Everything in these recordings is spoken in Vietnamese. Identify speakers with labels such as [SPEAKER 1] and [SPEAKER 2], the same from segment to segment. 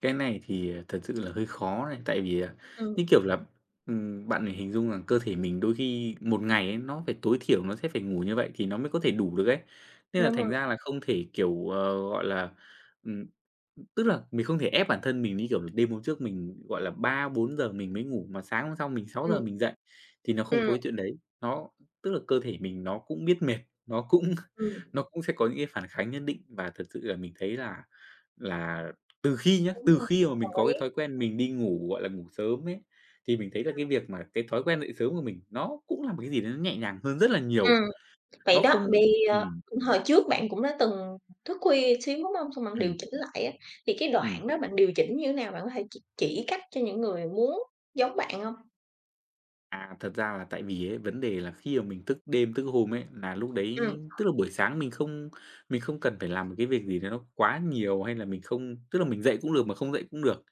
[SPEAKER 1] Cái này thì, à, thật sự là hơi khó này, tại vì, à, như
[SPEAKER 2] Ừm.
[SPEAKER 1] kiểu là, ừm, bạn này hình dung rằng cơ thể mình đôi khi 1 ngày ấy nó phải tối thiểu nó sẽ phải ngủ như vậy thì nó mới có thể đủ được ấy. Nên là
[SPEAKER 2] Đúng
[SPEAKER 1] thành
[SPEAKER 2] rồi.
[SPEAKER 1] ra là không thể, kiểu, ờ, gọi là, ừm, ưm tức là mình không thể ép bản thân mình, như kiểu, là đêm hôm trước mình, gọi là, 3:00-4:00 mình mới ngủ mà sáng hôm sau mình 6:00
[SPEAKER 2] Ừm.
[SPEAKER 1] mình dậy, thì nó không
[SPEAKER 2] Ừm.
[SPEAKER 1] có cái chuyện đấy. Đó, tức là cơ thể mình nó cũng biết mệt, nó cũng
[SPEAKER 2] Ừm.
[SPEAKER 1] nó cũng sẽ có những cái phản kháng nhất định và thật sự là mình thấy là là từ khi nhá,
[SPEAKER 2] Đúng
[SPEAKER 1] từ
[SPEAKER 2] rồi.
[SPEAKER 1] khi mà mình
[SPEAKER 2] Đồng
[SPEAKER 1] có cái
[SPEAKER 2] ý.
[SPEAKER 1] thói quen mình đi ngủ, gọi là, ngủ sớm ấy, thì mình thấy là
[SPEAKER 2] Ừm.
[SPEAKER 1] cái việc mà cái thói quen dậy sớm của mình nó cũng là một cái gì đấy nó nhẹ nhàng hơn rất là
[SPEAKER 2] Ừm.
[SPEAKER 1] nhiều,
[SPEAKER 2] Vậy
[SPEAKER 1] nó
[SPEAKER 2] đó,
[SPEAKER 1] không
[SPEAKER 2] bì, ờ,
[SPEAKER 1] ừm.
[SPEAKER 2] cũng hồi trước bạn cũng đã từng thức khuya xíu, đúng hông? Xong bạn điều
[SPEAKER 1] Ừm.
[SPEAKER 2] chỉnh lại á, thì cái
[SPEAKER 1] Ừm.
[SPEAKER 2] đoạn đó bạn điều chỉnh như thế nào? Bạn có thể ch chỉ cách cho những người muốn giống bạn hông?
[SPEAKER 1] À, thật ra là tại vì ấy vấn đề là khi mà mình thức đêm thức hôm ấy là lúc
[SPEAKER 2] Ừm.
[SPEAKER 1] đấy tức là buổi sáng mình không mình không cần phải làm một cái việc gì đấy nó quá nhiều hay là mình không tức là mình dậy cũng được mà không dậy cũng được.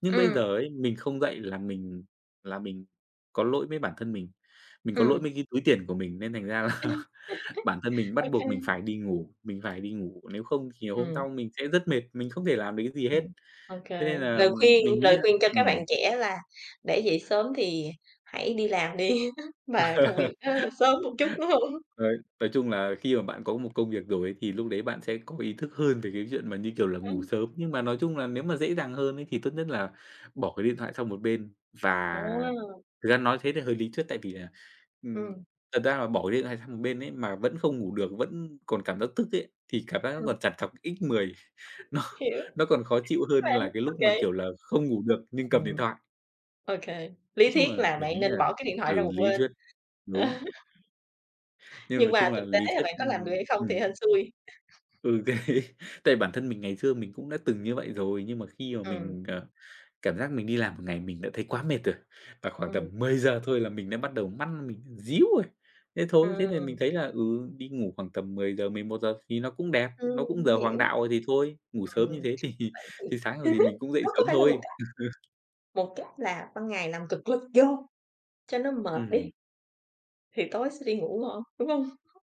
[SPEAKER 1] Nhưng bây
[SPEAKER 2] Ừm.
[SPEAKER 1] giờ ấy, mình không dậy là mình là mình có lỗi với bản thân mình, mình có lỗi
[SPEAKER 2] Ừm.
[SPEAKER 1] mấy cái túi tiền của mình nên thành ra là bản thân mình bắt
[SPEAKER 2] Ô
[SPEAKER 1] buộc mình
[SPEAKER 2] kê.
[SPEAKER 1] phải đi ngủ, mình phải đi ngủ, nếu không thì hôm
[SPEAKER 2] Ừm.
[SPEAKER 1] sau mình sẽ rất mệt, mình không thể làm được cái gì
[SPEAKER 2] Ừm,
[SPEAKER 1] hết.
[SPEAKER 2] OK.
[SPEAKER 1] Thế nên
[SPEAKER 2] Lời
[SPEAKER 1] là
[SPEAKER 2] khuyên
[SPEAKER 1] mình nghĩ
[SPEAKER 2] lời
[SPEAKER 1] là
[SPEAKER 2] khuyên cho các bạn
[SPEAKER 1] ừm.
[SPEAKER 2] trẻ là để dậy sớm thì hãy đi làm đi và công việc nó sớm một chút, đúng hông?
[SPEAKER 1] Đấy, nói chung là khi mà bạn có một công việc rồi ấy thì lúc đấy bạn sẽ có ý thức hơn về cái chuyện mà, như kiểu là, ngủ
[SPEAKER 2] Ừm.
[SPEAKER 1] sớm, nhưng mà nói chung là nếu mà dễ dàng hơn ấy thì tốt nhất là bỏ cái điện thoại sang một bên và
[SPEAKER 2] À.
[SPEAKER 1] thực ra nói thế thì hơi lý thuyết tại vì là, ừm,
[SPEAKER 2] Ừm.
[SPEAKER 1] thật ra là bỏ điện thoại sang một bên ấy mà vẫn không ngủ được, vẫn còn cảm giác tức ấy, thì cảm giác nó
[SPEAKER 2] Ừm.
[SPEAKER 1] còn trằn trọc x10, nó
[SPEAKER 2] Hiểu,
[SPEAKER 1] nó còn khó chịu hơn
[SPEAKER 2] và
[SPEAKER 1] là cái lúc
[SPEAKER 2] OK.
[SPEAKER 1] mà, kiểu là, không ngủ được nhưng cầm điện thoại.
[SPEAKER 2] OK.
[SPEAKER 1] Nói
[SPEAKER 2] Lý
[SPEAKER 1] chung là
[SPEAKER 2] thuyết là
[SPEAKER 1] mình
[SPEAKER 2] bạn
[SPEAKER 1] nghĩ
[SPEAKER 2] nên
[SPEAKER 1] là
[SPEAKER 2] bỏ cái điện thoại ra
[SPEAKER 1] ừ,
[SPEAKER 2] một
[SPEAKER 1] lý
[SPEAKER 2] bên.
[SPEAKER 1] thuyết, đúng. Nên nói
[SPEAKER 2] Nhưng mà
[SPEAKER 1] chung là
[SPEAKER 2] thực tế
[SPEAKER 1] lý
[SPEAKER 2] là
[SPEAKER 1] thuyết
[SPEAKER 2] bạn có làm được
[SPEAKER 1] ừm,
[SPEAKER 2] hay không thì
[SPEAKER 1] ừm.
[SPEAKER 2] hên xui.
[SPEAKER 1] Ừ, đấy. Tại bản thân mình ngày xưa mình cũng đã từng như vậy rồi, nhưng mà khi mà
[SPEAKER 2] Ừm.
[SPEAKER 1] mình, à, cảm giác mình đi làm một ngày mình đã thấy quá mệt rồi và khoảng
[SPEAKER 2] Ừm.
[SPEAKER 1] tầm 10:00 thôi là mình đã bắt đầu mắt mình díu rồi. Thế thôi, thế là mình
[SPEAKER 2] Ừm.
[SPEAKER 1] thấy là, ừ, đi ngủ khoảng tầm 10:00-11:00 thì nó cũng đẹp,
[SPEAKER 2] Ừm,
[SPEAKER 1] nó cũng
[SPEAKER 2] mình
[SPEAKER 1] giờ
[SPEAKER 2] hiểu.
[SPEAKER 1] hoàng đạo rồi thì thôi, ngủ sớm như
[SPEAKER 2] Ừm.
[SPEAKER 1] thế thì
[SPEAKER 2] Vậy thì
[SPEAKER 1] thì sáng rồi thì mình cũng dậy
[SPEAKER 2] đó có
[SPEAKER 1] sớm
[SPEAKER 2] phải là một
[SPEAKER 1] thôi.
[SPEAKER 2] cách một cách là ban ngày làm cực lực vô cho nó mệt đi
[SPEAKER 1] Ừm.
[SPEAKER 2] thì tối sẽ đi ngủ ngon, đúng hông?